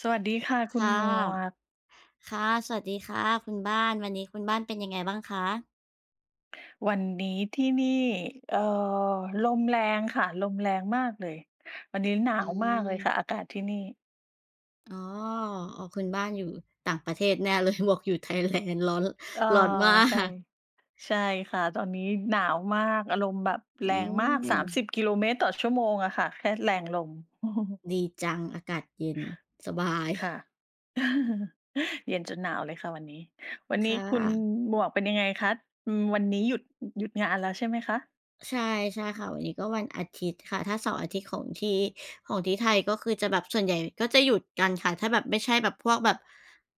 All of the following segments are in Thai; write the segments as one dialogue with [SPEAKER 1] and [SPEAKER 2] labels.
[SPEAKER 1] สวัสดีค่ะ
[SPEAKER 2] ค
[SPEAKER 1] คุณ
[SPEAKER 2] ่ะ
[SPEAKER 1] หมวก
[SPEAKER 2] ค่ะ สวัสดีค่ะคุณบ้าน วันนี้คุณบ้านเป็นยังไงบ้างคะ?
[SPEAKER 1] วันนี้ที่นี่ เอ่อ ลมแรงค่ะ ลมแรงมากเลย วันนี้หนา
[SPEAKER 2] อื
[SPEAKER 1] วมากเลยค
[SPEAKER 2] ม
[SPEAKER 1] ่ะ อากาศที่นี่
[SPEAKER 2] อ๋อ โอ้ คุณบ้านอยู่ต่างประเทศแน่ เลย บวกอยู่ Thailand ร้อน
[SPEAKER 1] เอ่อ
[SPEAKER 2] ร้อนมา
[SPEAKER 1] ใช่
[SPEAKER 2] ก
[SPEAKER 1] ใช่ค่ะ ตอนนี้หนาวมาก อารมณ์แบบแ
[SPEAKER 2] อ
[SPEAKER 1] ร
[SPEAKER 2] ื
[SPEAKER 1] งมาก สามส
[SPEAKER 2] ม
[SPEAKER 1] ิบ กิโลเมตรต่อชั่วโมงอะค่ะ แค่แรงลม
[SPEAKER 2] ดีจัง อากาศเย็น สบาย
[SPEAKER 1] ค่ะ เย็นจนหนาวเลยค่ะวันนี้ วัน
[SPEAKER 2] ค
[SPEAKER 1] นี้
[SPEAKER 2] ่
[SPEAKER 1] คุณ
[SPEAKER 2] ะ
[SPEAKER 1] หมวกเป็นยังไงคะ? อืม วันนี้หยุด หยุดงานแล้วใช่ไหมคะ?
[SPEAKER 2] ใช่ ๆ ค่ะ วันนี้ก็วันอาทิตย์ค่ะ ถ้าเสาร์อาทิตย์ของที่ ของที่ไทย ก็คือจะแบบส่วนใหญ่ก็จะหยุดกันค่ะ ถ้าแบบไม่ใช่แบบพวกแบบ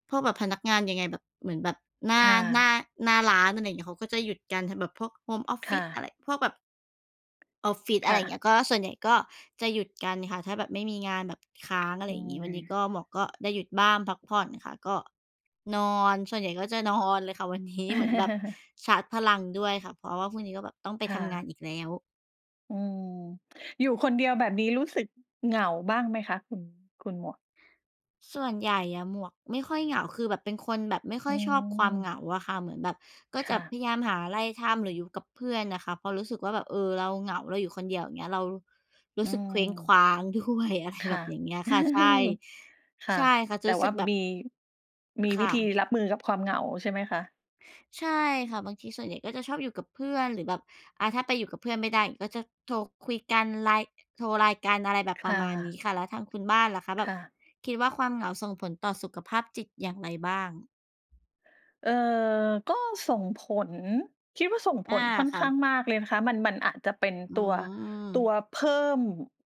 [SPEAKER 2] พวกแบบพนักงานยังไงแบบ เหมือนแบบหน้า
[SPEAKER 1] ค่
[SPEAKER 2] หน้า
[SPEAKER 1] ะ
[SPEAKER 2] หน้าร้าน อะไรอย่างเงี้ย เขาก็จะหยุดกัน ท แบบพวกโฮมออฟ
[SPEAKER 1] ค
[SPEAKER 2] ฟิ
[SPEAKER 1] ่
[SPEAKER 2] ศ อะไ
[SPEAKER 1] ะ
[SPEAKER 2] ร พวกแบบ ออฟฟิศ
[SPEAKER 1] ค
[SPEAKER 2] อะไ
[SPEAKER 1] ่
[SPEAKER 2] รอย่างเ
[SPEAKER 1] ะ
[SPEAKER 2] งี้ย ก็ส่วนใหญ่ก็จะหยุดกันค่ะ ถ้าแบบไม่มีงานแบบค้าง อะ
[SPEAKER 1] อ
[SPEAKER 2] ไร
[SPEAKER 1] ื
[SPEAKER 2] อย่างงี้ วันนี้
[SPEAKER 1] ม
[SPEAKER 2] ก็หมวกก็ได้หยุดบ้านพักผ่อนค่ะ ก็นอน ส่วนใหญ่ก็จะนอนเลยค่ะวัน นี้ เหมือนแบบชาร์จพลังด้วยค่ะ เพราะว่าพรุ่งนี้ก็แบบต้องไป
[SPEAKER 1] ค่
[SPEAKER 2] ทำงาน
[SPEAKER 1] ะ
[SPEAKER 2] อีกแล้ว
[SPEAKER 1] อืม อยู่คนเดียวแบบนี้รู้สึกเหงาบ้างไหมคะ? คุณ คุณหมวก
[SPEAKER 2] ส่วนใหญ่อะหมวกไม่ค่อยเหงา คือแบบเป็นคนแบบไม่ค
[SPEAKER 1] อ
[SPEAKER 2] ่
[SPEAKER 1] ื
[SPEAKER 2] อยชอบความเ
[SPEAKER 1] ม
[SPEAKER 2] หงาอะค่ะ เหมือนแบบก็
[SPEAKER 1] ค
[SPEAKER 2] จะ
[SPEAKER 1] ่
[SPEAKER 2] พ
[SPEAKER 1] ะ
[SPEAKER 2] ยายามหาอะไรทำ หรืออยู่กับเพื่อนอะค่ะ พอรู้สึกว่าแบบ เออ เราเหงา เราอยู่คนเดียวเงี้ย เราร
[SPEAKER 1] อ
[SPEAKER 2] ู
[SPEAKER 1] ื
[SPEAKER 2] ้สึก เคว้งคว
[SPEAKER 1] ม
[SPEAKER 2] ้าง ด้วย อะไร
[SPEAKER 1] ค
[SPEAKER 2] แบ
[SPEAKER 1] ่ะ
[SPEAKER 2] บอย่างเงี้ยค่ะ ใช่
[SPEAKER 1] ค่
[SPEAKER 2] ใช
[SPEAKER 1] ะ
[SPEAKER 2] ่ค่ะ จ
[SPEAKER 1] แ
[SPEAKER 2] ะ
[SPEAKER 1] ต่
[SPEAKER 2] รู้
[SPEAKER 1] ว
[SPEAKER 2] สึ
[SPEAKER 1] ่า
[SPEAKER 2] กแบบ
[SPEAKER 1] มี มี
[SPEAKER 2] ค
[SPEAKER 1] วิ
[SPEAKER 2] ่
[SPEAKER 1] ธี
[SPEAKER 2] ะ
[SPEAKER 1] รับมือกับความเหงาใช่ไหมคะ?
[SPEAKER 2] ใช่ค่ะ บางทีส่วนใหญ่ก็จะชอบอยู่กับเพื่อน หรือแบบ อ่า ถ้าไปอยู่กับเพื่อนไม่ได้ก็จะโทรคุยกัน LINE โทร LINE กันอะไรแบบ
[SPEAKER 1] ค
[SPEAKER 2] ปร
[SPEAKER 1] ่
[SPEAKER 2] ะมาณนี้
[SPEAKER 1] ะ
[SPEAKER 2] ค่ะ แล้วทางคุณบ้านล่ะคะ แบ
[SPEAKER 1] ค
[SPEAKER 2] บ
[SPEAKER 1] ่ะ
[SPEAKER 2] คิดว่าความเหงาส่งผลต่อสุขภาพจิตอย่างไรบ้าง?
[SPEAKER 1] เอ่อ ก็ส่งผล คิดว่าส่ง
[SPEAKER 2] อ
[SPEAKER 1] ผ
[SPEAKER 2] า
[SPEAKER 1] ลค่อน
[SPEAKER 2] ค่
[SPEAKER 1] ข
[SPEAKER 2] ะ
[SPEAKER 1] ้างมากเลยนะคะ มัน มันอาจจะเป็น
[SPEAKER 2] อื
[SPEAKER 1] ตัว ตัว
[SPEAKER 2] ม
[SPEAKER 1] เพิ่ม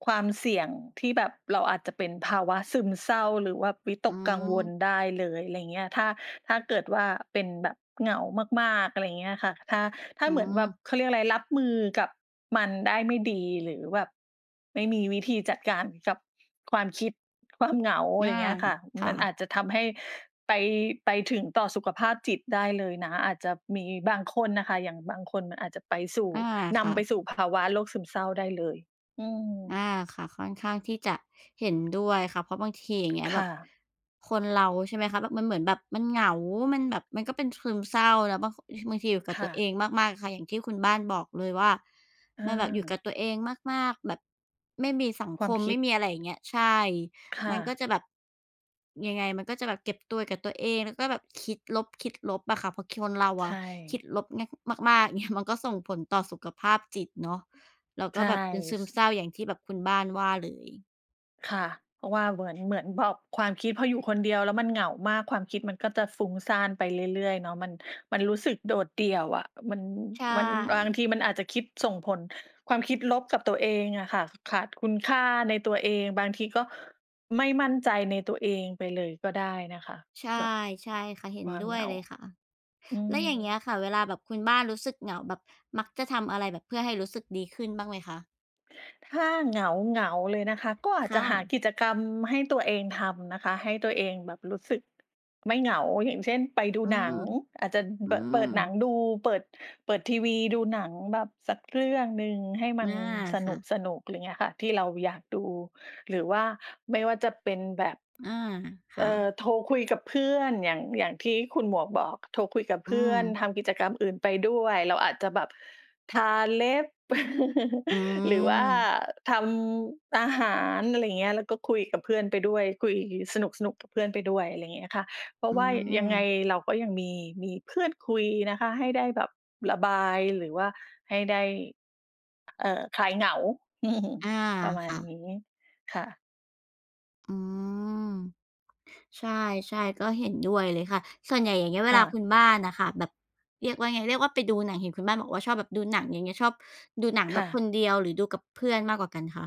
[SPEAKER 1] ความเสี่ยงที่แบบเราอาจจะเป็นภาวะซึมเศร้า หรือว่าวิต
[SPEAKER 2] อื
[SPEAKER 1] กกังวล
[SPEAKER 2] ม
[SPEAKER 1] ได้เลย อะไรอย่างเงี้ย ถ้า ถ้าเกิดว่า เป็นแบบเหงามาก ๆ อะไรอย่างเงี้ยค่ะ ถ้า ถ้า
[SPEAKER 2] อื
[SPEAKER 1] เหมือนแบบ
[SPEAKER 2] ม
[SPEAKER 1] เขาเรียกอะไร รับมือกับมันได้ไม่ดี หรือแบบไม่มีวิธีจัดการกับความคิด ความเหงา อะ
[SPEAKER 2] อ
[SPEAKER 1] ไร
[SPEAKER 2] า
[SPEAKER 1] อย่างเงี้ยค่ะ
[SPEAKER 2] ค
[SPEAKER 1] ม
[SPEAKER 2] ่
[SPEAKER 1] ันอ
[SPEAKER 2] ะ
[SPEAKER 1] าจจะทำให้ไป ไปถึงต่อสุขภาพจิตได้เลยนะ อาจจะมีบางคนน่ะค่ะ อย่างบางคนมันอาจจะไปสู่
[SPEAKER 2] อา
[SPEAKER 1] น
[SPEAKER 2] ค่
[SPEAKER 1] ำไ
[SPEAKER 2] ะ
[SPEAKER 1] ปสู่ภาวะโรคซึมเศร้าได้เลย อื
[SPEAKER 2] อ
[SPEAKER 1] ม
[SPEAKER 2] า ค่ะ ค่อนข้างที่จะเห็นด้วยค่ะ เพราะบางทีอย่างเงี้ย
[SPEAKER 1] ค
[SPEAKER 2] แบ
[SPEAKER 1] ่
[SPEAKER 2] บ
[SPEAKER 1] ะ
[SPEAKER 2] คนเรา ใช่ไหมคะ บ แบบมันเหมือนแบบมันเหงา มันแบบมันก็เป็นซึมเศร้านะ บาง บางทีอยู่กั
[SPEAKER 1] ค
[SPEAKER 2] บ
[SPEAKER 1] ่
[SPEAKER 2] ตัว
[SPEAKER 1] ะ
[SPEAKER 2] เองมาก ๆ ค่ะ อย่างที่คุณบ้านบอกเลยว่า
[SPEAKER 1] อ
[SPEAKER 2] มันแบบอยู่ก
[SPEAKER 1] า
[SPEAKER 2] ับตัวเองมาก ๆ แบบไม่มีสัง
[SPEAKER 1] คว
[SPEAKER 2] ค
[SPEAKER 1] าม
[SPEAKER 2] ม
[SPEAKER 1] ค
[SPEAKER 2] ไ
[SPEAKER 1] ิ
[SPEAKER 2] ม
[SPEAKER 1] ด
[SPEAKER 2] ่มีอะไรอย่างเงี้ย ใช่
[SPEAKER 1] ค่
[SPEAKER 2] มันก็
[SPEAKER 1] ะ
[SPEAKER 2] จะแบบ ยังไงมันก็จะแบบเก็บตัวอยู่กับตัวเอง แล้วก็แบบคิดลบ คิดลบอะค่ะ เพราะคนเรา
[SPEAKER 1] ใช
[SPEAKER 2] อะค
[SPEAKER 1] ่
[SPEAKER 2] ิดลบมะ มาก ๆ เงี้ย มันก็ส่งผลต่อสุขภาพจิตเนาะ แล้วก
[SPEAKER 1] ใช
[SPEAKER 2] ็
[SPEAKER 1] ่
[SPEAKER 2] แบบเป็นซึ
[SPEAKER 1] ส
[SPEAKER 2] มเศร้าอย่างที่แบบคุณบ้านว่าเลย
[SPEAKER 1] ค่ะ เพราะว่าเหมือน เหมือนแบบความคิดพออยู่คนเดียวแล้วมันเหงามาก ความคิดมันก็จะฟุ้งซ่านไปเรื่อย ๆ เนาะ มัน มันรู้สึกโดดเดี่ยวอะ มัน
[SPEAKER 2] ใช
[SPEAKER 1] มัน บาง
[SPEAKER 2] ่
[SPEAKER 1] ทีมันอาจจะคิดส่งผลความคิดลบกับตัวเองอะค่ะ ขาดคุณค่าในตัวเอง บางทีก็ไม่มั่นใจในตัวเองไปเลยก็ได้นะคะ
[SPEAKER 2] ใช่
[SPEAKER 1] แบบ
[SPEAKER 2] ใช่ค่ะ เห็
[SPEAKER 1] ค
[SPEAKER 2] น
[SPEAKER 1] วาม
[SPEAKER 2] ด้
[SPEAKER 1] เห
[SPEAKER 2] ว
[SPEAKER 1] ง
[SPEAKER 2] ย
[SPEAKER 1] า
[SPEAKER 2] เลยค่ะ
[SPEAKER 1] อื
[SPEAKER 2] แล้วอย่า
[SPEAKER 1] ม
[SPEAKER 2] งเงี้ยค่ะ เวลาแบบคุณบ้านรู้สึกเหงา แบบมักจะทำอะไรแบบเพื่อให้รู้สึกดีขึ้นบ้างไหมคะ?
[SPEAKER 1] ถ้าเหงา ๆ เลยนะคะ ก็อา
[SPEAKER 2] ค
[SPEAKER 1] จจ
[SPEAKER 2] ่
[SPEAKER 1] ะหา
[SPEAKER 2] ะ
[SPEAKER 1] กิจกรรมให้ตัวเองทำนะคะ ให้ตัวเองแบบรู้สึกไม่เหงา อย่างเช่น ไปดู
[SPEAKER 2] อื
[SPEAKER 1] หนั
[SPEAKER 2] ม
[SPEAKER 1] ง อาจจะ
[SPEAKER 2] อื
[SPEAKER 1] เปิด เป
[SPEAKER 2] ม
[SPEAKER 1] ิดหนังดู เปิด เปิดทีวีดูหนังแบบสักเรื่องหนึ่งให้ม
[SPEAKER 2] อ
[SPEAKER 1] ัน
[SPEAKER 2] า
[SPEAKER 1] ส
[SPEAKER 2] ค่ะ
[SPEAKER 1] นุก ๆ อะไรอย่างเงี้ยค่ะ ที่เราอยากดู หรือว่าไม่ว่าจะเป็นแบบ
[SPEAKER 2] อา ค
[SPEAKER 1] เอ
[SPEAKER 2] ่
[SPEAKER 1] อ
[SPEAKER 2] ะ
[SPEAKER 1] โทรคุยกับเพื่อน อย่าง อย่างที่คุณหมวกบอก โทรคุยกับ
[SPEAKER 2] อ
[SPEAKER 1] เพ
[SPEAKER 2] ื
[SPEAKER 1] ื่อน
[SPEAKER 2] ม
[SPEAKER 1] ทำกิจกรรมอื่นไปด้วย เราอาจจะแบบทาเล็บ
[SPEAKER 2] อื
[SPEAKER 1] หรือว่า
[SPEAKER 2] ม
[SPEAKER 1] ทำอาหาร อะไรอย่างเงี้ย แล้วก็คุยกับเพื่อนไปด้วย คุยสนุก ๆ กับเพื่อนไปด้วย อะไรอย่างเงี้ยค่ะ เพรา
[SPEAKER 2] อื
[SPEAKER 1] ะว่ายังไง
[SPEAKER 2] ม
[SPEAKER 1] เราก็ยังมี มีเพื่อนคุยนะคะ ให้ได้แบบระบาย หรือว่าให้ได้ เออ คลายเหงา
[SPEAKER 2] อา
[SPEAKER 1] ประมา
[SPEAKER 2] ค
[SPEAKER 1] ณ
[SPEAKER 2] ่ะ
[SPEAKER 1] นี้ ค่ะ
[SPEAKER 2] อืม ใช่ ๆ ก็เห็นด้วยเลยค่ะ ส่วนใหญ่ อย่างเงี้ย เว
[SPEAKER 1] ค่
[SPEAKER 2] ลาค
[SPEAKER 1] ะ
[SPEAKER 2] ุณบ้านน่ะค่ะ แบบ เรียกว่าไง เรียกว่าไปดูหนัง เห็นคุณบ้านบอกว่าชอบแบบดูหนัง อย่างเงี้ย ชอบดูหนังแ
[SPEAKER 1] ค
[SPEAKER 2] บ
[SPEAKER 1] ่
[SPEAKER 2] บค
[SPEAKER 1] ะ
[SPEAKER 2] นเดียว หรือดูกับเพื่อนมากกว่ากันคะ?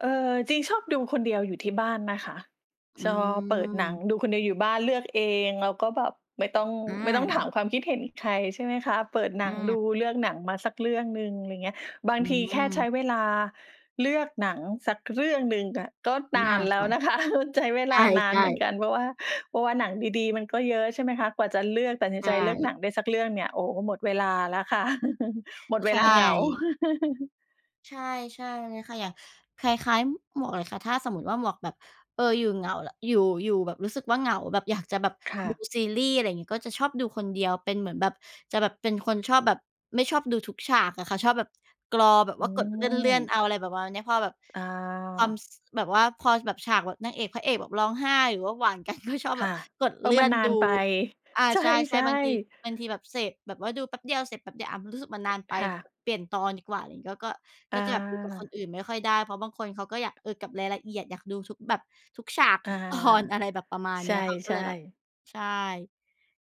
[SPEAKER 1] เออ จริง ชอบดูคนเดียวอยู่ที่บ้านนะคะ
[SPEAKER 2] อื
[SPEAKER 1] จอ เปิดหนัง
[SPEAKER 2] ม
[SPEAKER 1] ดูคนเดียวอยู่บ้าน เลือกเอง แล้วก็แบบไม่ต้อง
[SPEAKER 2] อ
[SPEAKER 1] ไม่ต้องถา
[SPEAKER 2] า
[SPEAKER 1] มความคิดเห็นใคร ใช่ไหมคะ เปิดหนั
[SPEAKER 2] อ
[SPEAKER 1] งด
[SPEAKER 2] า
[SPEAKER 1] ู เลือกหนังมาสักเรื่องหนึ่ง อะไรอย่างเงี้ย บา
[SPEAKER 2] อ
[SPEAKER 1] ง
[SPEAKER 2] ื
[SPEAKER 1] ทีแค่ใช้
[SPEAKER 2] ม
[SPEAKER 1] เวลาเลือกหนังสักเรื่องหนึ่งอะก็
[SPEAKER 2] อ
[SPEAKER 1] นา
[SPEAKER 2] า
[SPEAKER 1] นแล
[SPEAKER 2] ค
[SPEAKER 1] ้ว
[SPEAKER 2] ่ะ
[SPEAKER 1] นะคะ ใช้เวลานา
[SPEAKER 2] ใช
[SPEAKER 1] น
[SPEAKER 2] ่
[SPEAKER 1] เหมือน
[SPEAKER 2] ๆ
[SPEAKER 1] กัน เพราะว่า เพราะว่าหนังดี ๆ มันก็เยอะ ใช่ไหมคะ กว่าจะเลือก ตัดสิน
[SPEAKER 2] ใช
[SPEAKER 1] ใจเลือก
[SPEAKER 2] ่
[SPEAKER 1] หนังได้สักเรื่องเนี่ย โอ้ หมดเวลาแล้วค่ะ หมดเ
[SPEAKER 2] ใ
[SPEAKER 1] ว
[SPEAKER 2] ช
[SPEAKER 1] ลาเหงา
[SPEAKER 2] ่ ใช่ ใช่เลยค่ะ อย่าง คล้าย ๆ หมวกเลยค่ะ ถ้าสมมุติว่าหมวกแบบ เออ อยู่เหงา ล อยู่ อยู่แบบรู้สึกว่าเหงา แบบอยากจะแบบ
[SPEAKER 1] ค่ะ
[SPEAKER 2] ดูซีรีส์ อะไรอย่างงี้ ก็จะชอบดูคนเดียว เป็นเหมือนแบบ จะแบบเป็นคนชอบแบบ ไม่ชอบดูทุกฉากอะค่ะ ชอบแบบกรอ แบบ
[SPEAKER 1] อื
[SPEAKER 2] ว่ากดเลื่อน
[SPEAKER 1] ม
[SPEAKER 2] ๆ เอา อะไรแบบประมาณนี้ พอแบบ
[SPEAKER 1] อ
[SPEAKER 2] ความ
[SPEAKER 1] า
[SPEAKER 2] ส แบบว่า ความแบบ ฉากแบบนางเอกพระเอกแบบร้องไห้ หรือว่าหวาน กัน ก็ชอบ
[SPEAKER 1] ค
[SPEAKER 2] แบ
[SPEAKER 1] ่
[SPEAKER 2] บ
[SPEAKER 1] ะ
[SPEAKER 2] กด
[SPEAKER 1] เออ
[SPEAKER 2] เลื่
[SPEAKER 1] มั
[SPEAKER 2] อ
[SPEAKER 1] น
[SPEAKER 2] น
[SPEAKER 1] นา
[SPEAKER 2] ดู
[SPEAKER 1] นไป
[SPEAKER 2] อา
[SPEAKER 1] ใช
[SPEAKER 2] ใช่
[SPEAKER 1] ่
[SPEAKER 2] ๆ บางที
[SPEAKER 1] ๆ
[SPEAKER 2] บางทีแบบเสพ แบบว่าดูแป๊บเดียวเสร็จ แป๊บเดียว อา ม รู้สึกมันนานไป
[SPEAKER 1] ค่ะ
[SPEAKER 2] เปลี่ยนตอนดีกว่า อะไรงี้ แล้วก็
[SPEAKER 1] อ
[SPEAKER 2] ก็จะแบบดูกับค
[SPEAKER 1] า
[SPEAKER 2] นอื่นไม่ค่อยได้ เพราะบางคนเขาก็อยาก เออ กับรายละเอียด อยากดูทุกแบบทุกฉาก
[SPEAKER 1] อ
[SPEAKER 2] ท
[SPEAKER 1] า
[SPEAKER 2] ุก ตอน อะไรแบบประมาณ
[SPEAKER 1] ใช
[SPEAKER 2] เนี้ย เขาก็เ
[SPEAKER 1] ่
[SPEAKER 2] ลยแบบ
[SPEAKER 1] ๆ
[SPEAKER 2] ใช่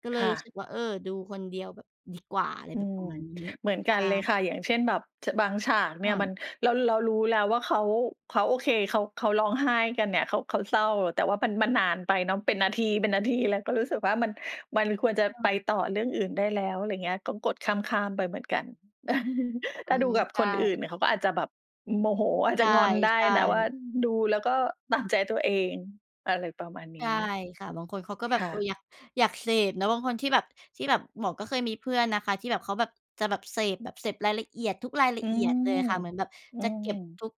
[SPEAKER 2] ก็เล
[SPEAKER 1] ค
[SPEAKER 2] ย
[SPEAKER 1] ่
[SPEAKER 2] รู้ส
[SPEAKER 1] ะ
[SPEAKER 2] ึกว่า เออ ดูคนเดียวแบบดีกว่า อะไร
[SPEAKER 1] อื
[SPEAKER 2] แบบป
[SPEAKER 1] ม
[SPEAKER 2] ระมาณนี้
[SPEAKER 1] เหมือน
[SPEAKER 2] ใ
[SPEAKER 1] ก
[SPEAKER 2] ช
[SPEAKER 1] ันเลย
[SPEAKER 2] ่
[SPEAKER 1] ค่ะ อย่างเช่นแบบ ฉ บางฉากเนี
[SPEAKER 2] อ
[SPEAKER 1] ่ยมั
[SPEAKER 2] า
[SPEAKER 1] น เรา เรารู้แล้วว่าเขา เขาโอเค เขา เขาร้องไห้กันเนี่ย เขา เขาเศร้า แต่ว่ามัน มันนานไปเนาะ เป็นนาที เป็นนาทีเลย ก็รู้สึกว่ามัน มันควรจะไป
[SPEAKER 2] เออ
[SPEAKER 1] ต่อเรื่องอื่นได้แล้ว อะไรอย่างเงี้ย ก็กดข้าม ๆ ไปเหมือนกัน
[SPEAKER 2] อ
[SPEAKER 1] ถ
[SPEAKER 2] ื
[SPEAKER 1] ้าดู
[SPEAKER 2] ม
[SPEAKER 1] กับ
[SPEAKER 2] ใช
[SPEAKER 1] คนอื่น
[SPEAKER 2] ่
[SPEAKER 1] เนี่ยเขาก็อาจจะแบบโมโห อาจ
[SPEAKER 2] ใ
[SPEAKER 1] จะงอนได้
[SPEAKER 2] ช่
[SPEAKER 1] นะว่า
[SPEAKER 2] ๆ
[SPEAKER 1] ดูแล้วก็ตามใจตัวเอง อะไรประมาณน
[SPEAKER 2] ใช่
[SPEAKER 1] ี้
[SPEAKER 2] ค่ะ บางคนเขาก็แบ
[SPEAKER 1] ค
[SPEAKER 2] บ
[SPEAKER 1] ่
[SPEAKER 2] เออ
[SPEAKER 1] ะ
[SPEAKER 2] อยาก อยากเสพเนาะ บางคนที่แบบ ที่แบบ หมวกก็เคยมีเพื่อนนะคะที่แบบเขาแบบจะแบบเสพ แบบเสพรายละเอียด ทุกรายล
[SPEAKER 1] อื
[SPEAKER 2] ะเอียด
[SPEAKER 1] ม
[SPEAKER 2] เลยอะค่ะ เหมือนแบบ
[SPEAKER 1] อื
[SPEAKER 2] จะเก็บ
[SPEAKER 1] ม
[SPEAKER 2] ทุก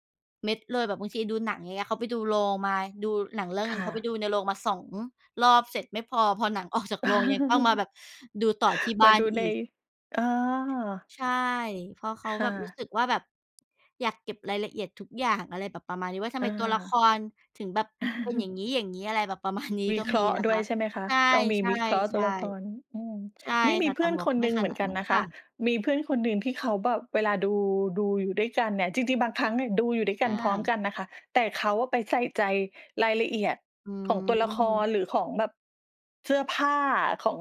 [SPEAKER 2] เม็ดเลย แบบบางทีดูหนัง อย่างเงี้ย เขาไปดูโรงมา ดูหนังเรื่อง
[SPEAKER 1] ค
[SPEAKER 2] หนึ่
[SPEAKER 1] ่
[SPEAKER 2] ง เขาไป
[SPEAKER 1] ะ
[SPEAKER 2] ดูในโรงมา 2 รอบเสร็จ ไม่พอ พอหนัง ออก จากโรงยังต้องมาแบบดูต่อที่บ
[SPEAKER 1] ม
[SPEAKER 2] ้า
[SPEAKER 1] าด
[SPEAKER 2] น
[SPEAKER 1] ูใ
[SPEAKER 2] อี
[SPEAKER 1] น
[SPEAKER 2] ก
[SPEAKER 1] อา
[SPEAKER 2] ใช่ เพราะเขา
[SPEAKER 1] ค่
[SPEAKER 2] แบบรู้
[SPEAKER 1] ะ
[SPEAKER 2] สึกว่าแบบอยากเก็บรายละเอียดทุกอย่าง อะไรแบบประมาณนี้ ว่าทำ
[SPEAKER 1] เ
[SPEAKER 2] ไมตัวละค
[SPEAKER 1] ออ
[SPEAKER 2] รถึงแบบเป็นอย่างงี้ ๆ อะไรแบบประ มาณ นี้
[SPEAKER 1] วิ
[SPEAKER 2] ก็
[SPEAKER 1] เคร
[SPEAKER 2] มี
[SPEAKER 1] าะห์
[SPEAKER 2] นะ
[SPEAKER 1] ด้
[SPEAKER 2] ค
[SPEAKER 1] วย
[SPEAKER 2] ะ
[SPEAKER 1] ใช่ไหมคะ
[SPEAKER 2] ใช
[SPEAKER 1] ต้องมี
[SPEAKER 2] ่
[SPEAKER 1] วิเคราะห์ตัวละคร
[SPEAKER 2] ๆ
[SPEAKER 1] อืม
[SPEAKER 2] ๆ ใช่
[SPEAKER 1] นี่ม
[SPEAKER 2] ค
[SPEAKER 1] ี
[SPEAKER 2] ่ะ
[SPEAKER 1] เ
[SPEAKER 2] แ
[SPEAKER 1] พ
[SPEAKER 2] ต
[SPEAKER 1] ื
[SPEAKER 2] ่
[SPEAKER 1] ่อน
[SPEAKER 2] หมว
[SPEAKER 1] ค
[SPEAKER 2] ก
[SPEAKER 1] น
[SPEAKER 2] ไม
[SPEAKER 1] ห
[SPEAKER 2] ่
[SPEAKER 1] นึ่ง
[SPEAKER 2] ข
[SPEAKER 1] เหมื
[SPEAKER 2] น
[SPEAKER 1] อ
[SPEAKER 2] า
[SPEAKER 1] น
[SPEAKER 2] ด
[SPEAKER 1] กั
[SPEAKER 2] น
[SPEAKER 1] น
[SPEAKER 2] ั้น
[SPEAKER 1] นะค
[SPEAKER 2] ค่
[SPEAKER 1] ะ
[SPEAKER 2] ะ
[SPEAKER 1] มีเพื่อนคนหนึ่งที่เขาแบบเวลาดู ดูอยู่ด้วยกันเนี่ย จริง ๆ บางครั้งเนี่ยดูอยู่ด้วยก
[SPEAKER 2] อ
[SPEAKER 1] ัน พร้อมก
[SPEAKER 2] า
[SPEAKER 1] ันนะคะ แต่เขาอะไปใส่ใจรายละเอียด
[SPEAKER 2] อื
[SPEAKER 1] ของตัวละค
[SPEAKER 2] ม
[SPEAKER 1] ร หรือของแบบเสื้อผ้าของ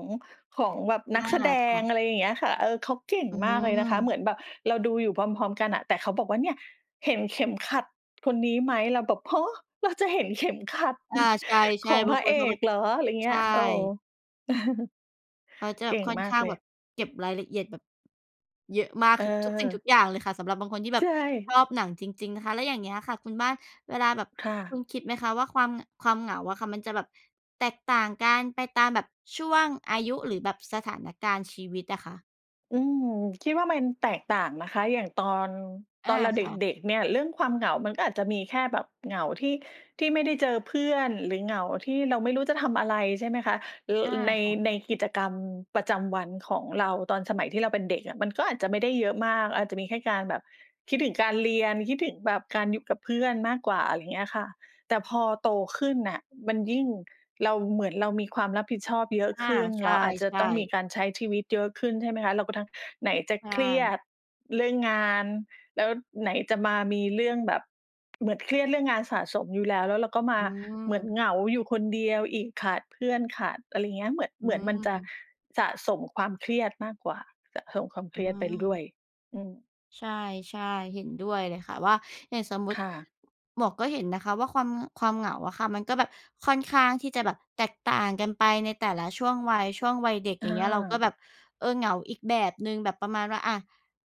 [SPEAKER 1] ของแบบ
[SPEAKER 2] อ
[SPEAKER 1] นัก
[SPEAKER 2] า
[SPEAKER 1] แสด
[SPEAKER 2] ค่
[SPEAKER 1] ง
[SPEAKER 2] ะ
[SPEAKER 1] อะไรอย่างเงี้ยค่ะ เออ เขาเก่ง
[SPEAKER 2] อื
[SPEAKER 1] มากเลยนะคะ เห
[SPEAKER 2] ม
[SPEAKER 1] มือนแบบเราดูอยู่พร้อม ๆ กันอะ แต่เขาบอกว่า "เนี่ย เห็นเข็มขัดคนนี้ไหม?" เราแบบ "ฮะ! เราจะเห็นเข็มขัด
[SPEAKER 2] อา
[SPEAKER 1] น
[SPEAKER 2] ใช
[SPEAKER 1] ข
[SPEAKER 2] ่
[SPEAKER 1] อง
[SPEAKER 2] ๆ บ
[SPEAKER 1] พ
[SPEAKER 2] า
[SPEAKER 1] ร
[SPEAKER 2] ง
[SPEAKER 1] ะ
[SPEAKER 2] ค
[SPEAKER 1] เอ
[SPEAKER 2] นเขาแบ
[SPEAKER 1] ก
[SPEAKER 2] บ
[SPEAKER 1] เหรอ?" อะไรเง
[SPEAKER 2] ใ
[SPEAKER 1] ี
[SPEAKER 2] ช
[SPEAKER 1] ้ย เออ
[SPEAKER 2] ่ เขาจะ
[SPEAKER 1] เก่ง
[SPEAKER 2] ค่อน
[SPEAKER 1] มา
[SPEAKER 2] ข
[SPEAKER 1] ก
[SPEAKER 2] ้า
[SPEAKER 1] เ
[SPEAKER 2] ง
[SPEAKER 1] ล
[SPEAKER 2] แบ
[SPEAKER 1] ย
[SPEAKER 2] บเก็บรายละเอียดแบบเยอะมาก คือทุกสิ่งท
[SPEAKER 1] เอ
[SPEAKER 2] ุ
[SPEAKER 1] อ
[SPEAKER 2] กอย่างเลยค่ะ สำหรับบางคนที่
[SPEAKER 1] ใ
[SPEAKER 2] แบ
[SPEAKER 1] ช
[SPEAKER 2] บช
[SPEAKER 1] ่
[SPEAKER 2] อบหนังจริง ๆ นะคะ แล้วอย่างเงี้ยค่ะคุณบ้าน เวลาแบบ
[SPEAKER 1] ค่
[SPEAKER 2] คุ
[SPEAKER 1] ะ
[SPEAKER 2] ณคิดไหมคะว่าความ ง ความเหงาอะค่ะ มันจะแบบแตกต่างกันไปตามแบบช่วงอายุ หรือแบบสถานการณ์ชีวิตอะคะ?
[SPEAKER 1] อืม คิดว่ามันแตกต่างนะคะ อย่างตอน
[SPEAKER 2] อ
[SPEAKER 1] ตอ
[SPEAKER 2] า
[SPEAKER 1] นเราเ
[SPEAKER 2] ค่ะ
[SPEAKER 1] ด็ก ๆ เนี่ยเรื่องความเหงามันก็อาจจะมีแค่แบบเหงาที่ ที่ไม่ได้เจอเพื่อน หรือเหงาที่เราไม่รู้จะทำอะไร ใช่ไหมคะ ร
[SPEAKER 2] อา
[SPEAKER 1] ใน
[SPEAKER 2] ค่ะ
[SPEAKER 1] ในกิจกรรมประจำวันของเรา ตอนสมัยที่เราเป็นเด็กอะ มันก็อาจจะไม่ได้เยอะมาก อาจจะมีแค่การแบบคิดถึงการเรียน คิดถึงแบบการอยู่กับเพื่อนมากกว่า อะไรอย่างเงี้ยค่ะ แต่พอโตขึ้นน่ะ มันยิ่ง เรา เหมือนเรามีความรับผิดชอบเยอะ
[SPEAKER 2] อา
[SPEAKER 1] ขึ้น
[SPEAKER 2] ใช
[SPEAKER 1] เราอาจจะ
[SPEAKER 2] ่
[SPEAKER 1] ต้องมี
[SPEAKER 2] ๆ
[SPEAKER 1] การใช้ชีวิตเยอะขึ้น ใช่ไหมคะ เราก็ทั้งไหนจะ
[SPEAKER 2] ใช
[SPEAKER 1] เครีย
[SPEAKER 2] ่
[SPEAKER 1] ดเรื่องงาน แล้วไหนจะมามีเรื่องแบบ เหมือนเครียดเรื่องงานสะสมอยู่แล้ว แล้วเราก็ม
[SPEAKER 2] อ
[SPEAKER 1] า
[SPEAKER 2] ื
[SPEAKER 1] เหมือน
[SPEAKER 2] ม
[SPEAKER 1] เหงาอยู่คนเดียวอีก ขาดเพื่อน ขาดอะไรอย่างเงี้ย เหมือน
[SPEAKER 2] อ
[SPEAKER 1] เ
[SPEAKER 2] ื
[SPEAKER 1] หมือนมันจะ
[SPEAKER 2] ม
[SPEAKER 1] สะสมความเครียดมากกว่า สะสมความเค
[SPEAKER 2] อื
[SPEAKER 1] รียดไปด้ว
[SPEAKER 2] ม
[SPEAKER 1] ย อืม
[SPEAKER 2] ใช่ ๆ เห็นด้วยเลยค่ะว่า อย่างสมมุต
[SPEAKER 1] ค
[SPEAKER 2] ิ
[SPEAKER 1] ่ะ
[SPEAKER 2] หมวกก็เห็นนะคะว่าความ ความเหงาอะค่ะ มันก็แบบค่อนข้างที่จะแบบแตกต่างกันไปในแต่ละช่วงวัย ช่วงวัยเด็ก
[SPEAKER 1] อ
[SPEAKER 2] อย่างเงี้ย เราก็
[SPEAKER 1] า
[SPEAKER 2] แบบ เออ เหงาอีกแบบหนึ่ง แบบประมาณว่า อา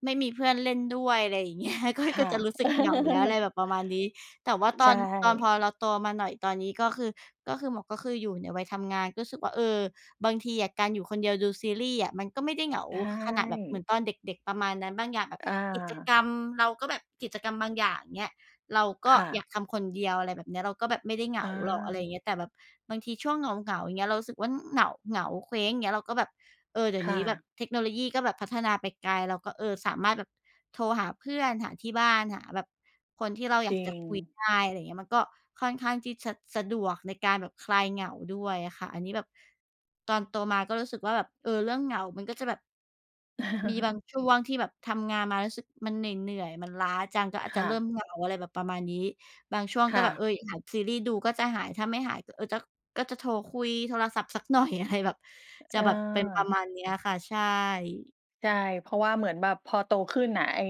[SPEAKER 2] ไม่มีเพื่อนเล่นด้วย อะไรvอย่าง เงี้ย ก็
[SPEAKER 1] ค
[SPEAKER 2] ก
[SPEAKER 1] ่
[SPEAKER 2] ็จ
[SPEAKER 1] ะ
[SPEAKER 2] ะรู้สึกเหงาแล้ว อะไรแบบประมาณนี้ แต่ว่
[SPEAKER 1] อ
[SPEAKER 2] าต
[SPEAKER 1] ใช
[SPEAKER 2] อน ตอน
[SPEAKER 1] ่
[SPEAKER 2] พอเราโตมาหน่อย ตอนนี้ก็คือ ก็คือหมวกก็คืออยู่ในวัยทำงาน ก็รู้สึกว่า เออ บางทีอะการอยู่คนเดียวดูซีรีส์อะมันก็ไม่ได้ไม่เหงา
[SPEAKER 1] ใช
[SPEAKER 2] ขนาดแบบเหมื
[SPEAKER 1] ่
[SPEAKER 2] อนตอนเด็ก ๆ ประมาณนั้น บางอย่างแบบ
[SPEAKER 1] อ
[SPEAKER 2] กิจ
[SPEAKER 1] า
[SPEAKER 2] กรรม เราก็แบบ กิจกรรมบางอย่าง อย่างเงี้ย เราก
[SPEAKER 1] ค
[SPEAKER 2] ็
[SPEAKER 1] ่
[SPEAKER 2] อย
[SPEAKER 1] ะ
[SPEAKER 2] ากทำคนเดียว อะไรแบบเนี้ย เราก็แบบไม่ได้เหง
[SPEAKER 1] อ
[SPEAKER 2] าหรอก อะไรอ
[SPEAKER 1] า
[SPEAKER 2] ย่างเงี้ย แต่แบบบางทีช่วงเหงา ๆ อย่างเงี้ย เรารู้สึกว่าเหงา เหงา เคว้ง อย่างเงี้ย เราก็แบบ เออ เดี๋
[SPEAKER 1] ค
[SPEAKER 2] ยว
[SPEAKER 1] ่
[SPEAKER 2] นี้แบ
[SPEAKER 1] ะ
[SPEAKER 2] บเทคโนโลยีก็แบบพัฒนาไปไกล เราก็ เออ สามารถแบบโทรหาเพื่อน หาที่บ้าน หาแบบคนที่เราอย
[SPEAKER 1] จ
[SPEAKER 2] า
[SPEAKER 1] ร
[SPEAKER 2] ก
[SPEAKER 1] ิ
[SPEAKER 2] จะคุย
[SPEAKER 1] ง
[SPEAKER 2] ได้ อะไรอย่างเงี้ย มันก็ค่อนข้างที่จะสะดวกในการแบบคลายเหงาด้วยอะค่ะ อันนี้แบบตอนโตมาก็รู้สึกว่าแบบ เออ เรื่องเหงามันก็จะแบบ มีบางช่วงที่แบบทำงานมารู้สึกมันเหนื่อย ๆ มันล้าจัง ก็อา
[SPEAKER 1] ค
[SPEAKER 2] จจะ
[SPEAKER 1] ่
[SPEAKER 2] เริ่ม
[SPEAKER 1] ะ
[SPEAKER 2] เหงา อะไรแบบประมาณนี้ บางช่วง
[SPEAKER 1] ค
[SPEAKER 2] ก็
[SPEAKER 1] ่
[SPEAKER 2] แบ
[SPEAKER 1] ะ
[SPEAKER 2] บ เอ๊ย หาซีรีส์ดูก็จะหาย ถ้าไม่หาย เออ จ ก็จะโทรคุยโทรศัพท์สัก หน่อย อะไร แบบ จะแบบเป็นปร
[SPEAKER 1] เ
[SPEAKER 2] ะ
[SPEAKER 1] ออ
[SPEAKER 2] มาณเนี้ยอะค่ะ ใช่
[SPEAKER 1] ใช่ เพราะว่าเหมือนแบบพอโตขึ้นน่ะ ไอ้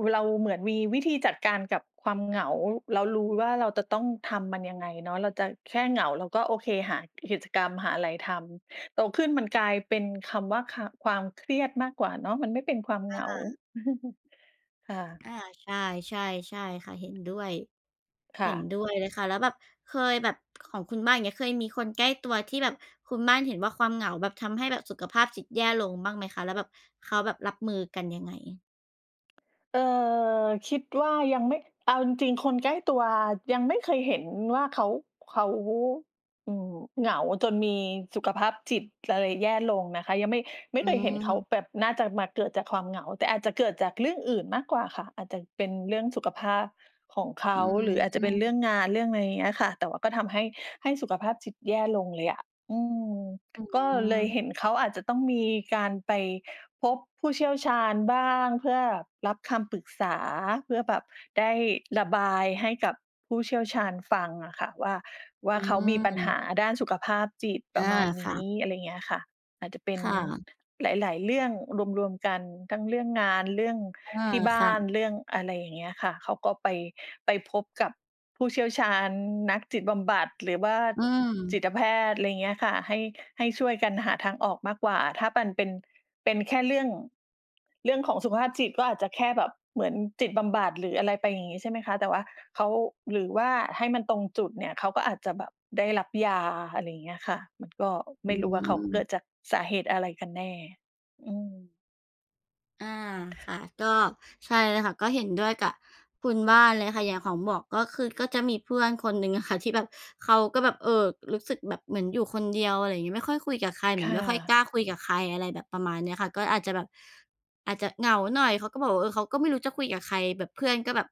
[SPEAKER 1] ว เราเหมือนมีวิธีจัดการกับความเหงา เรารู้ว่า เรา ตะ ต้องทำมันยังไงเนาะ เราจะแค่เหงา เราก็ โอเค หา กิจกรรม หาอะไรทำ โตขึ้นมันกลายเป็นคำว่า ค ความเครียดมากกว่าเนาะ มันไม่เป็นความเ
[SPEAKER 2] อ
[SPEAKER 1] หงา
[SPEAKER 2] ่า
[SPEAKER 1] ค่ะ
[SPEAKER 2] อา ใช่ ๆ ใช่ค่ะ เห็นด้วย
[SPEAKER 1] ค่
[SPEAKER 2] เห็น
[SPEAKER 1] ะ
[SPEAKER 2] ด้วยเลยค่ะ แล้วแบบเคยแบบของคุณบ้าน อย่างเงี้ย เคยมีคนใกล้ตัวที่แบบคุณบ้านเห็นว่า ความเหงาแบบทำให้แบบสุขภาพจิตแย่ลงบ้างไหมคะ? แล้วแบบเขาแบบรับมือกันยังไง?
[SPEAKER 1] เออ คิดว่า ยังไม่ เอาจริง ๆ คนใกล้ตัวยังไม่เคยเห็นว่า เขา เขาวู้ อืม เหงาจนมีสุขภาพจิตอะไรแย่ลงนะคะ ยัง ไม่ ไม
[SPEAKER 2] อ
[SPEAKER 1] ่
[SPEAKER 2] ื
[SPEAKER 1] เคยเห็นเขา
[SPEAKER 2] ม
[SPEAKER 1] แบบน่าจะมา เกิดจากความเหงา แต่อาจจะเกิดจากเรื่องอื่นมากกว่าค่ะ อาจจะเป็นเรื่องสุขภาพของเข
[SPEAKER 2] อ
[SPEAKER 1] า
[SPEAKER 2] ื
[SPEAKER 1] หรืออาจจะเป็นเรื่
[SPEAKER 2] ม
[SPEAKER 1] องงาน เรื่องอะไรอย่างเงี้ยค่ะ แต่ว่าก็ทำให้ ให้สุขภาพจิตแย่ลงเลยอะ อืม
[SPEAKER 2] อื
[SPEAKER 1] ก็เลย
[SPEAKER 2] ม
[SPEAKER 1] เห็นเขาอาจจะต้องมีการไปพบผู้เชี่ยวชาญบ้างเพื่อรับคำปรึกษา เพื่อแบบได้ระบายให้กับผู้เชี่ยวชาญฟังอะค่ะ ว่า ว่า
[SPEAKER 2] อื
[SPEAKER 1] เขามีปัญห
[SPEAKER 2] ม
[SPEAKER 1] าด้านสุขภาพจิต ป
[SPEAKER 2] อ
[SPEAKER 1] ระ
[SPEAKER 2] า
[SPEAKER 1] มาณน
[SPEAKER 2] ค
[SPEAKER 1] ี
[SPEAKER 2] ่
[SPEAKER 1] ้
[SPEAKER 2] ะ
[SPEAKER 1] อะไรอย่างเงี้ยค่ะ อาจจะเป็น
[SPEAKER 2] ค่ะ
[SPEAKER 1] หลาย ๆ เรื่องรวม ๆ กันทั้งเรื่องงาน เรื่อง
[SPEAKER 2] อา
[SPEAKER 1] ที่บ้
[SPEAKER 2] ค่
[SPEAKER 1] าน
[SPEAKER 2] ะ
[SPEAKER 1] เรื่องอะไรอย่างเงี้ยค่ะ เขาก็ ไป ไปพบกับผู้เชี่ยวชาญ นักจิตบำบัด หรือว่า
[SPEAKER 2] อื
[SPEAKER 1] จิ
[SPEAKER 2] ม
[SPEAKER 1] ตแพทย์ อะไรอย่างเงี้ยค่ะ ให้ ให้ช่วยกันหาทางออกมากกว่า ถ้าปัน เป็น เป็นแค่เรื่อง เรื่องของสุขภาพจิตก็อาจจะแค่แบบเหมือนจิตบำบัด หรืออะไรไป อย่างงี้ ใช่ไหมคะ แต่ว่าเขา หรือว่าให้มันตรงจุดเนี่ย เขาก็อาจจะแบบได้รับยา อะไรอย่างเงี้ยค่ะ มันก็ไ
[SPEAKER 2] อ
[SPEAKER 1] ม่รู้ว่า เขาเกิ
[SPEAKER 2] ืม
[SPEAKER 1] ดจากสาเหตุอะไรกันแน่ อืม
[SPEAKER 2] อา ค่ะ ก็ ใช่เลยค่ะ ก็เห็นด้วยกับคุณบ้านเลยค่ะ อย่างของหมวกก็คือ ก็จะมีเพื่อนคนหนึ่งอะค่ะที่แบบเขาก็แบบ เออ รู้สึกแบบเหมือนอยู่คนเดียว อะไรอย่างงี้ ไม่ค่อยคุยกับใคร เห
[SPEAKER 1] ค
[SPEAKER 2] มือ
[SPEAKER 1] ่
[SPEAKER 2] นไม่ค่อย
[SPEAKER 1] ะ
[SPEAKER 2] กล้าคุยกับใคร อะไรแบบประมาณนี้ค่ะ ก็อาจจะแบบอาจจะเหงาหน่อย เขาก็บอกว่า เออ เขาก็ไม่รู้จะคุยกับใคร แบบเพื่อนก็แบบ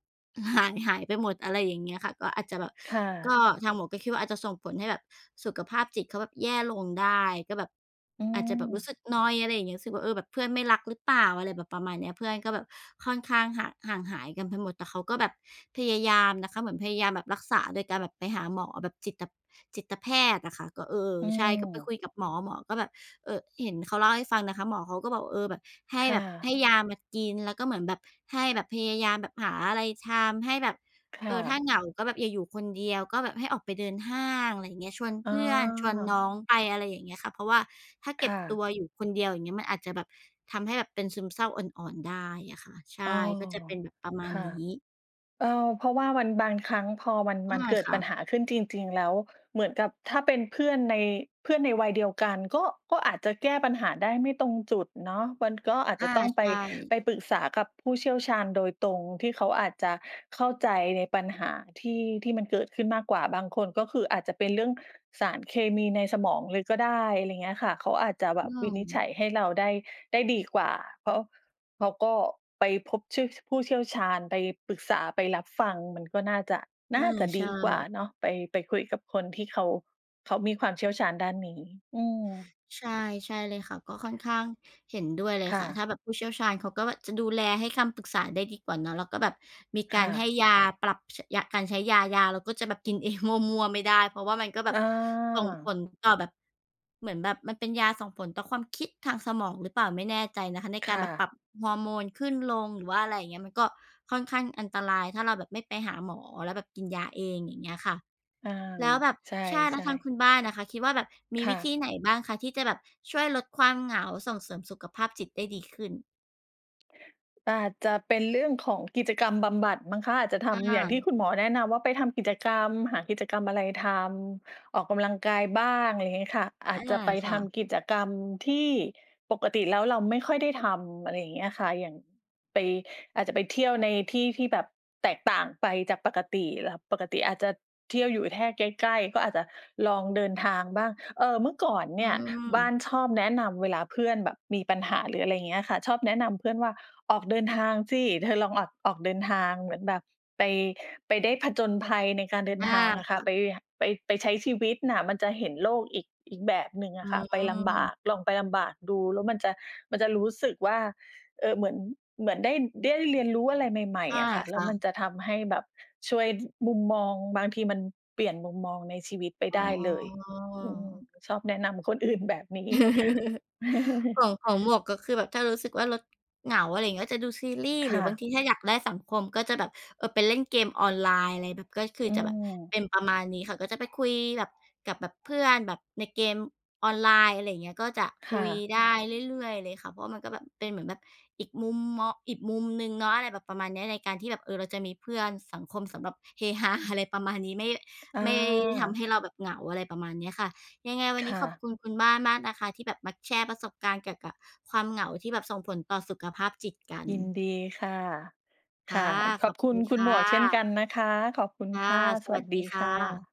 [SPEAKER 2] หาย ๆ ไปหมด อะไรอย่างเงี้ยค่ะ ก็อาจจะแบบ
[SPEAKER 1] ค่
[SPEAKER 2] ก
[SPEAKER 1] ะ
[SPEAKER 2] ็ทางหมวกก็คิดว่าอาจจะส่งผลให้แบบสุขภาพจิตเขาแบบแย่ลงได้ ก็แบบ
[SPEAKER 1] อื
[SPEAKER 2] อาจจะแบบรู้
[SPEAKER 1] ม
[SPEAKER 2] สึกนอยด์ อะไรอย่างเงี้ย รู้สึกว่า เออ "แบบเพื่อนไม่รักรึเปล่า?" อะไรแบบประมาณนี้ เพื่อนก็แบบค่อนข้างห่าง ห่างหายกันไปหมด แต่เขาก็แบบพยายามนะคะ เหมือนพยายามแบบรักษาโดยการแบบไปหาหมอแบบจิตตะ จิตแพทย์อะค่ะ ก็ เออ
[SPEAKER 1] อื
[SPEAKER 2] ใช่ ก็ไป
[SPEAKER 1] ม
[SPEAKER 2] คุยกับหมอ หมอก็แบบ อ เห็นเขาเล่าให้ฟังนะคะ หมอเขาก็บอกว่า เออ แบบ ให้
[SPEAKER 1] ค่
[SPEAKER 2] แบบ ให
[SPEAKER 1] ะ
[SPEAKER 2] ้ยามากินแล้วก็เหมือนแบบ ให้แบบพยายามแบบหาอะไรทำ ให้แบบ
[SPEAKER 1] ค่
[SPEAKER 2] เออ ถ้า
[SPEAKER 1] ะ
[SPEAKER 2] เหงาก็แบบอย่าอยู่คนเดียว ก็แบบให้ออกไปเดินห้าง อะไรอย่างเงี้ย ชวนเ
[SPEAKER 1] อ
[SPEAKER 2] พื่อน ชวนน
[SPEAKER 1] า
[SPEAKER 2] ้องไป อะไรอย่างเงี้ยค่ะ เพราะว่าถ้าเ
[SPEAKER 1] ค
[SPEAKER 2] ก็บ
[SPEAKER 1] ่
[SPEAKER 2] ตั
[SPEAKER 1] ะ
[SPEAKER 2] วอยู่คนเดียว อย่างเงี้ย มันอาจจะแบบทำให้แบบเป็นซึมเศร้าอ่อน ๆ ได้อะค่ะ ใช
[SPEAKER 1] อ๋อ
[SPEAKER 2] ่ ก็จะเป็นแบบประม
[SPEAKER 1] ค
[SPEAKER 2] าณ
[SPEAKER 1] ่ะ
[SPEAKER 2] นี้
[SPEAKER 1] เออ เพราะว่ามัน บางครั้งพอมัน
[SPEAKER 2] อ
[SPEAKER 1] มั
[SPEAKER 2] า
[SPEAKER 1] นเกิด
[SPEAKER 2] ค่
[SPEAKER 1] ปั
[SPEAKER 2] ะ
[SPEAKER 1] ญหาขึ้นจริง ๆ แล้ว เหมือนกับถ้าเป็นเพื่อนใน เพื่อนในวัยเดียวกันก็ ก็อาจจะแก้ปัญหาได้ไม่ตรงจุดเนาะ มันก็อาจ
[SPEAKER 2] อ
[SPEAKER 1] จะ
[SPEAKER 2] า
[SPEAKER 1] ต้องไ
[SPEAKER 2] ใ
[SPEAKER 1] ป
[SPEAKER 2] ช่
[SPEAKER 1] ไปปรึกษากับผู้เชี่ยวชาญโดยตรงที่เขาอาจจะเข้าใจในปัญหาที่ ที่มันเกิดขึ้นมากกว่า บางคนก็คืออาจจะเป็นเรื่องสารเคมีในสมองเลยก็ได้ อะไรอย่างเงี้ยค่ะ เขาอาจจะแบ
[SPEAKER 2] อื
[SPEAKER 1] บวินิจฉ
[SPEAKER 2] ม
[SPEAKER 1] ัยให้เราได้ ได้ดีกว่า เพราะเขาก็ไปพบชื่อ ผู้เชี่ยวชาญ ไปปรึกษา ไปรับฟัง มันก็น่าจะ น
[SPEAKER 2] อ
[SPEAKER 1] ่
[SPEAKER 2] า
[SPEAKER 1] าจะ
[SPEAKER 2] ใช
[SPEAKER 1] ดีกว่า
[SPEAKER 2] ่
[SPEAKER 1] เนาะ ไป ไปคุยกับคนที่เขา เขามีความเชี่ยวชาญด้านนี้ อืม
[SPEAKER 2] ใช่ ใช่เลยค่ะ ก็ค่อนข้างเห็นด้วยเลย
[SPEAKER 1] ค่
[SPEAKER 2] ค่ะ ถ
[SPEAKER 1] ะ
[SPEAKER 2] ้าแบบผู้เชี่ยวชาญเขาก็แบบจะดูแล ให้คำปรึกษา ได้ดีกว่าเนาะ แล้วก็แบบ มีก
[SPEAKER 1] ค
[SPEAKER 2] า
[SPEAKER 1] ่
[SPEAKER 2] รให้
[SPEAKER 1] ะ
[SPEAKER 2] ยาปรับ ช ยา การใช้ยา ยาเราก็จะแบบกินเองมั่ว ๆ ไม่ได้ เพราะว่ามันก็แบ
[SPEAKER 1] อ
[SPEAKER 2] บส่งผ
[SPEAKER 1] า
[SPEAKER 2] ลต่อแบบ เหมือนแบบมันเป็นยาส่งผลต่อความคิดทางสมองหรือเปล่าไม่แน่ใจนะคะ ใน
[SPEAKER 1] ค
[SPEAKER 2] การ
[SPEAKER 1] ่
[SPEAKER 2] แบบปรั
[SPEAKER 1] ะ
[SPEAKER 2] บฮอร์โมนขึ้นลง หรือว่าอะไรอย่างเงี้ย มันก็ค่อนข้างอันตราย ถ้าเราแบบไม่ไปหาหมอ แล้วแบบกินยาเอง อย่างเงี้ยค่ะ
[SPEAKER 1] อา
[SPEAKER 2] แล้วแบบ
[SPEAKER 1] ใช
[SPEAKER 2] ใช่ แล้ว
[SPEAKER 1] ่
[SPEAKER 2] ทาง
[SPEAKER 1] ๆ
[SPEAKER 2] คุณบ้านน่ะค่ะคิดว่าแบบมี
[SPEAKER 1] ค
[SPEAKER 2] ว
[SPEAKER 1] ่
[SPEAKER 2] ิธ
[SPEAKER 1] ะ
[SPEAKER 2] ีไหนบ้างคะที่จะแบบช่วยลดความเหงา ส่งเสริมสุขภาพจิตได้ดีขึ้น?
[SPEAKER 1] อาจจะเป็นเรื่องของกิจกรรมบำบัดมั้งคะ อาจจะท
[SPEAKER 2] อ
[SPEAKER 1] ำอย่างที่
[SPEAKER 2] า
[SPEAKER 1] คุณหมอแนะนำว่าไปทำกิจกรรม หากิจกรรมอะไรทำ ออกกำลังกายบ้าง อะไรอย่างเงี้ยค่ะ อา
[SPEAKER 2] อา
[SPEAKER 1] จจะไป
[SPEAKER 2] ค
[SPEAKER 1] ท
[SPEAKER 2] ่ะ
[SPEAKER 1] ำกิจกรรมที่ปกติแล้วเราไม่ค่อยได้ทำ อะไรอย่างเงี้ยอะค่ะ อย่างไป อาจจะไปเที่ยวในที่ที่แบบแตกต่างไปจากปกติ ล ปกติอาจจะเที่ยวอยู่แค่ ใกล้ ๆ ก็อาจจะลองเดินทางบ้าง เออ เมื่อก่อน
[SPEAKER 2] อ
[SPEAKER 1] เ
[SPEAKER 2] ื
[SPEAKER 1] นี่ยบ้า
[SPEAKER 2] ม
[SPEAKER 1] นชอบแนะนำเวลาเพื่อนแบบมีปัญหา หรืออะไรอย่างเงี้ยค่ะ ชอบแนะนำเพื่อนว่า "ออกเดินทางสิ เธอลองออก ออกเดินทาง" เหมือนแบบไป ไปได้ผจญภัยในการเดิน
[SPEAKER 2] อา
[SPEAKER 1] ทางอะค
[SPEAKER 2] ค
[SPEAKER 1] ่ะ
[SPEAKER 2] ่
[SPEAKER 1] ไป
[SPEAKER 2] ะ
[SPEAKER 1] ห ไป ไปใช้ชีวิตน่ะ มันจะเห็นโลกอีก อีกแบบหนึ่งอ
[SPEAKER 2] อื
[SPEAKER 1] ะค่ะ ไปลำบา
[SPEAKER 2] ม
[SPEAKER 1] ก ลองไปลำบากดู แล้วมันจะ มันจะรู้สึกว่า เออ เหมือน เหมือนได้ ได้เรียนรู้อะไรใหม่
[SPEAKER 2] อา
[SPEAKER 1] ๆ อะค่ะ แ
[SPEAKER 2] ค
[SPEAKER 1] ล้ว
[SPEAKER 2] ่
[SPEAKER 1] มัน
[SPEAKER 2] ะ
[SPEAKER 1] จะทำให้แบบช่วย ด มุมมอง บางทีมันเปลี่ยนมุมมองในชีวิตไป
[SPEAKER 2] อ
[SPEAKER 1] ไ
[SPEAKER 2] ๋
[SPEAKER 1] ด้เลย อืม
[SPEAKER 2] อ
[SPEAKER 1] ชอบแนะนำคนอื่นแบบนี้
[SPEAKER 2] ส่วนของหมวกก็คือแบบ ถ้ารู้สึกว่าเราเหงา อะไรอย่างเงี้ย จะดูซีรีส์
[SPEAKER 1] ค
[SPEAKER 2] หรื
[SPEAKER 1] ่
[SPEAKER 2] อบาง
[SPEAKER 1] ะ
[SPEAKER 2] ทีถ้าอยากได้สังคม ก็จะแบบ เออ ไปเล่นเกมออนไลน์ อะไรแบบ ก็คือ
[SPEAKER 1] อื
[SPEAKER 2] จะแบบ
[SPEAKER 1] ม
[SPEAKER 2] เป็นประมาณนี้ค่ะ ก็จะไปคุยแบบ กับแบบเพื่อนแบบในเกมออนไลน์ อะไรอย่างเงี้ย ก็จะ
[SPEAKER 1] ค
[SPEAKER 2] ค
[SPEAKER 1] ่
[SPEAKER 2] ุย
[SPEAKER 1] ะ
[SPEAKER 2] ได้เรื่อย ๆ เลยค่ะ เพราะว่ามันก็แบบเป็นเหมือนแบบอีกมุมมอ อีกมุมหนึ่งเนาะ อะไรแบบประมาณนี้ ในการที่แบบ เออ เราจะมีเพื่อน สังคมสำหรับเฮ ฮา อะไรประมาณนี้ ไม่ ไม่ทำใ
[SPEAKER 1] อา
[SPEAKER 2] ห้เราแบบเหงา อะไรประมาณนี้ค่ะ ยังไงวัน
[SPEAKER 1] ค
[SPEAKER 2] นี้
[SPEAKER 1] ่
[SPEAKER 2] ขอบ
[SPEAKER 1] ะ
[SPEAKER 2] คุณคุณบ้านมากนะคะ ที่แบบมาแชร์ประสบการณ์เกี่ยวกับความเหงาที่แบบส่งผลต่อสุขภาพจิตกัน
[SPEAKER 1] ยินดีค่ะ ค
[SPEAKER 2] ค่
[SPEAKER 1] ่
[SPEAKER 2] ะ
[SPEAKER 1] ะ ข
[SPEAKER 2] ข
[SPEAKER 1] อ
[SPEAKER 2] อ
[SPEAKER 1] บ
[SPEAKER 2] บ
[SPEAKER 1] ค
[SPEAKER 2] ค
[SPEAKER 1] ุ
[SPEAKER 2] ุ
[SPEAKER 1] ณ
[SPEAKER 2] ณ
[SPEAKER 1] คุ
[SPEAKER 2] ค
[SPEAKER 1] ณห
[SPEAKER 2] ่
[SPEAKER 1] มวกเช่นกั
[SPEAKER 2] ะ
[SPEAKER 1] นนะคะ ขอบคุณ
[SPEAKER 2] ค่
[SPEAKER 1] ค
[SPEAKER 2] ะ
[SPEAKER 1] ่ะ ส
[SPEAKER 2] ส
[SPEAKER 1] ว
[SPEAKER 2] ว
[SPEAKER 1] ั
[SPEAKER 2] ั
[SPEAKER 1] ส
[SPEAKER 2] สด
[SPEAKER 1] ด
[SPEAKER 2] ี
[SPEAKER 1] ี
[SPEAKER 2] ค
[SPEAKER 1] ค
[SPEAKER 2] ่
[SPEAKER 1] ่
[SPEAKER 2] ะ
[SPEAKER 1] ะ